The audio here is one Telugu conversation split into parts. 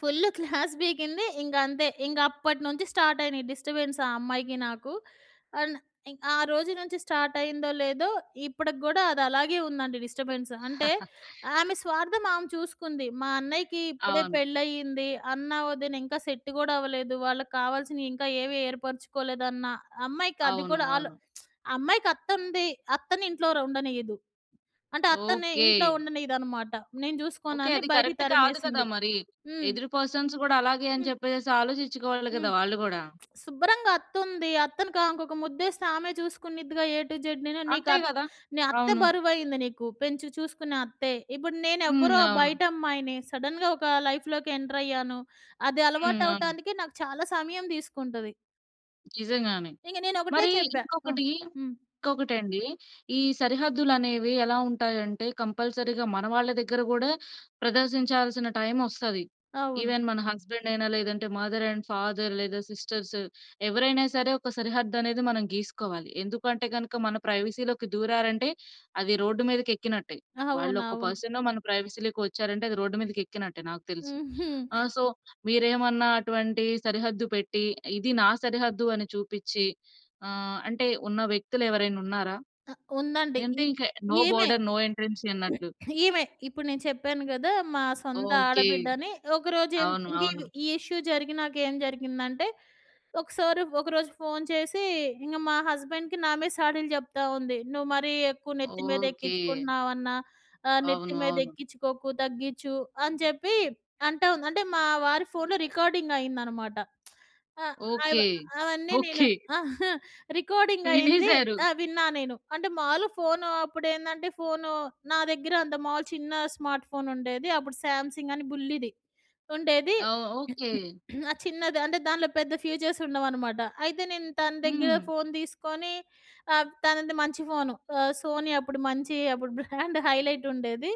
Full class పీకింది. ఇంకంతే. ఇంకప్పటి నుంచి స్టాట్ అయినయి డిస్టర్బెన్స్ ఆ అమ్మాయికి, నాకు. అండ్ ఇం ఆ రోజు నుంచి స్టాట్ అయిందో లేదో. ఇప్పటికి గూడా అదలాగే ఉందండి డిస్టబెన్స్. అంటే, ఆమె స్వార్థం ఆమె చూసుకుంది. మా అన్నయ్యకి ఇప్పుడే అవును. పెళ్ళయ్యింది. అన్న, వదిన ఇంకా సెట్ కూడా అవలేదు. వాళ్ళకి కావాల్సినయి ఇంకా ఏవీ ఏర్పరుచుకోలేదన్న, అమ్మాయికది అవును. కూడా అలో అవును. అమ్మాయికి అత్తుంది. అత్తని ఇంట్లో ర్ ఉండనీయదు. అంటే అత్తని ఓకే. ఇంట్లో ఉండనీయదనమాట. నేను జూసుకోను ఓకే. అని, అది బయటికి కరెక్ట్ కాదు కదా తరిమేసింది. మరి! హ్మ్. ఎదురు పర్సన్స్ కూడా అలాగే అని హ్మ్. చెప్పేసేసి ఆలోచిచ్చుకోవాలి కదా హ్మ్. వాళ్ళు కూడా! శుభ్రంగా అత్తుంది. అత్తను క ఇంకొక ము‌ద్దేస్తే ఆమే చూసుకునిద్దిగా ఏ టూ జడ్. నేను నీకు అంతే అత్ కదా! నీ అత్తే అవును. బరువుయింది నీకు. పెంచి చూసుకునే అత్తే. ఇప్పుడు హ్మ్. నేనెవ్వరో అవును. బయటమ్మాయిని. సడెన్‌గా ఒక లైఫ్‌లోకి ఎంటర్ అయ్యాను. అది హ్మ్. అవును. అలవాటవటానికి నాకు చాలా సమయం తీసుకుంటది. నిజంగానే. ఇంక నేనొకటే మరి చెప్పా! హ్మ్. ఇంకొకటి. హ్మ్. ఇంకొకటండి. ఈ సరిహద్దులనేవి ఎలా ఉంటాయంటే, కంపల్సరిగా మన వాళ్ళ దగ్గర కూడా ప్రదర్శించాల్సిన టైమొస్తది. అవును. ఈవెన్ మన హస్బెండ్ అయినా. లేదంటే మదర్ అండ్ ఫాదర్ లేదా సిస్టర్స్. ఎవరైనా సరే, ఒక సరిహద్దనేది మనం గీసుకోవాలి. ఎందుకు అంటే గనక, మన ప్రైవసీలోకి దూరారంటే, అది రోడ్డు మీదకెక్కినట్టే. వాళ్ళొక అవునవును. పర్సనో మన ప్రైవసీలోకి వచ్చారంటే, అది రోడ్డు మీదకెక్కినట్టే నాకు తెలిసి. హుహు. ఆ! సో, మీరేమన్నా అటువంటి సరిహద్దు పెట్టి, ఇది నా సరిహద్దు అని చూపిచ్చి. ఆహ్, అంటే ఉన్న వ్యక్తులెవరైనున్నారా? ఆ! ఉందండి ఏ అంటే ఈ ఇంక నో ఈమె. బోర్డర్ నో ఎంట్రన్సీ అన్నట్లు. ఈమె. ఇప్పుడు నేను చెప్పాను కదా! మా సొంత ఓకే. ఆడబిడ్డ అని. ఒకరోజు ఎన్ అవును. అవును. ఇంకిది, ఈ ఇష్యూ జరిగినా‌క ఏం జరిగిందంటే, ఒకసారి ఒకరోజు ఫోన్ చేసి, ఇంక మా హస్బెండ్‌కి నా మీద సాడీలు చెప్తా ఉంది. "నువ్వు మరీ ఎక్కువ నెత్తి మీద ఓకే. ఎక్కించుకుంటున్నావన్నా. ఆహ్, నెత్తి అవును. అవును. మీదెక్కించుకోకు. తగ్గీచు." అని చెప్పి అంటా ఉంది. అంటే మా వారి ఫోన్‌లో రికార్డింగ్ అయిందనమాట. ఆహ్, అయివ ఓకే. అవన్నీ నేను ఓకే. రికార్డింగ్ అయింది. వినేసారు. ఆ! విన్నా నేను. అంటే, మామూలుగా ఫోను అప్పుడేందంటే, ఫోను నా దగ్గర అంత మామూలు చిన్న స్మార్ట్ ఫోనుండేది. అప్పుడు 'సామ్ సింగ్' అని బుల్లిది ఉండేది. ఆ! ఓకే. ఆ! చిన్నది. అంటే దానిలో పెద్ద ఫ్యూచర్స్ ఉండవనమాట. అయితే నేను తన దగ్గర హ్మ్. ఫోన్ తీసుకొని, ఆహ్, తనది మంచి ఫోను. ఆహ్, 'సోనీ' అప్పుడు మంచి అప్పుడు బ్రాండ్ హైలైట్ ఉండేది.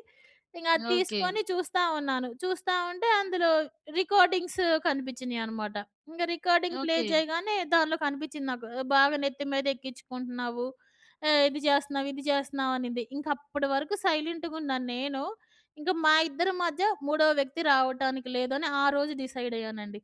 ఇంక అది ఓకే. తీసుకొని చూస్తా ఉన్నాను. చూస్తా ఉంటే అందులో రికోర్డింగ్స్ కనిపిచ్చినియి అనమాట. ఇంగ రికార్డింగ్ ప్లే ఓకే. చేయగానే, దానిలో కనిపిచ్చింది నాకు. ఆహ్, "బాగా నెత్తి మీదెక్కించుకుంటున్నావు. ఆహ్, ఇది చేస్తున్నావు, ఇది చేస్తున్నావు" అనింది. ఇంకప్పటి వరకు సైలెంట్‌గున్న నేను, ఇంక మా ఇద్దరి మధ్య మూడో వ్యక్తి రావటానికి లేదని, ఆ రోజు డిసైడ్ అయ్యానండి.